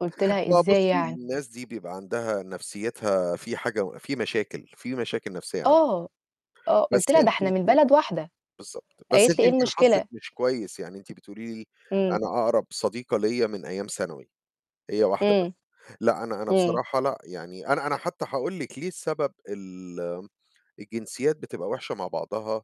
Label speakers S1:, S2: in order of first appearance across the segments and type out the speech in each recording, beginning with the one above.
S1: قلت لها:
S2: ما
S1: "إزاي
S2: بُصي،
S1: يعني؟".
S2: الناس دي بيبقى عندها نفسيتها فيه حاجة فيه مشاكل فيه مشاكل نفسية عندهم.
S1: آه. آه.
S2: بس
S1: قلت لها: "ده
S2: أنتِ
S1: إحنا من
S2: يمكن
S1: بلد واحدة"
S2: بالضبط. بس
S1: قالت لي:
S2: أنتِ
S1: "إيه
S2: يمكن حظِك
S1: المشكلة؟".
S2: مش كويس، يعني أنتِ بتقولي لي
S1: إمم.
S2: أنا أقرب صديقة ليَّ من أيام ثانوي، هي واحدة
S1: إمم.
S2: بس، لأ أنا أنا
S1: إمم.
S2: بصراحة لأ يعني أنا أنا حتى هاقول لِك ليه السبب ال الجنسيات بتبقى وحشة مع بعضها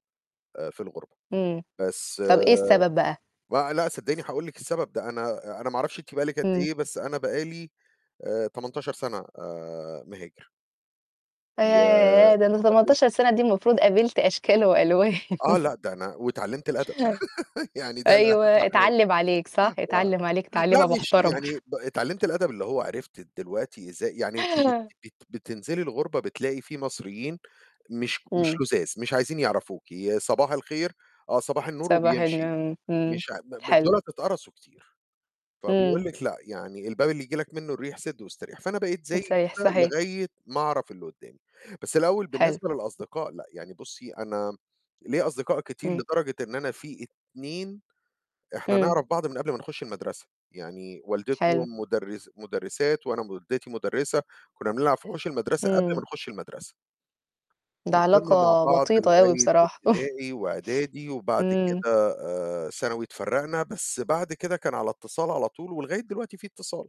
S2: آآ في الغُربة،
S1: إمم.
S2: بس
S1: طَب إيه السبب بقى؟
S2: لأ لأ صدقيني هاقول لِك السبب، ده أنا أنا ما أعرفش أنتِ بقى لِك قد
S1: إمم.
S2: إيه بس أنا بقى لي آآ 18 سَنة آآ مهاجر. و
S1: ياه! ده أنا
S2: [unintelligible]
S1: 18 سَنة، دي المفروض قابلت أشكال وألوان.
S2: آه، لأ ده أنا واتعلمت الأدب يعني ده
S1: أيوه،
S2: الأهَم حاجة
S1: اتعلم عليك، صح؟
S2: آه.
S1: اتعلم عليك
S2: لأ،
S1: تعليمة
S2: مش
S1: محترمة.
S2: يعني ب اتعلمت الأدب اللي هو عرفت دلوقتي إزاي يعني أنتِ بت بت بتنزلي الغُربة بتلاقي فيه مصريين مش مش
S1: إمم.
S2: لذاذ، مش عايزين يعرفوكِ، صباح الخير آه صباح النور
S1: صباح
S2: وبيمشي،
S1: النور. إمم.
S2: مش ع ب ب
S1: حلو.
S2: دُولَة اتقرصوا كتير. فبيقول
S1: إمم.
S2: لِك لأ يعني الباب اللي ييجي لك منه الريح سده واستريح، فأنا بقيت زَي
S1: صحيح.
S2: كده
S1: صحيح.
S2: لغاية ما أعرَف اللي قدامي. بس الأول
S1: حلو.
S2: بالنسبة للأصدقاء لأ يعني بُصي أنا ليَّ أصدقاء كتير
S1: إمم.
S2: لدرجة إن أنا فيه 2 إحنا
S1: إمم.
S2: نعرَف بعض من قبل ما نخش المَدرسة، يعني
S1: حلو.
S2: والدتهم مُدرس مُدرسات وأنا والدتي مُدرسة، كنا بنلعب في حوش المَدرسة قبل ما
S1: إمم.
S2: نخش المَدرسة.
S1: ده
S2: وصِلنا مع
S1: علاقة
S2: بعض
S1: وطيدة أوي
S2: لغاية
S1: بصراحة.
S2: ابتدائي واعدادي وبعد
S1: إمم.
S2: كده آآ ثانوي اتفرقنا بس بعد كده كان على اتصال على طول ولغاية دلوقتي فيه اتصال.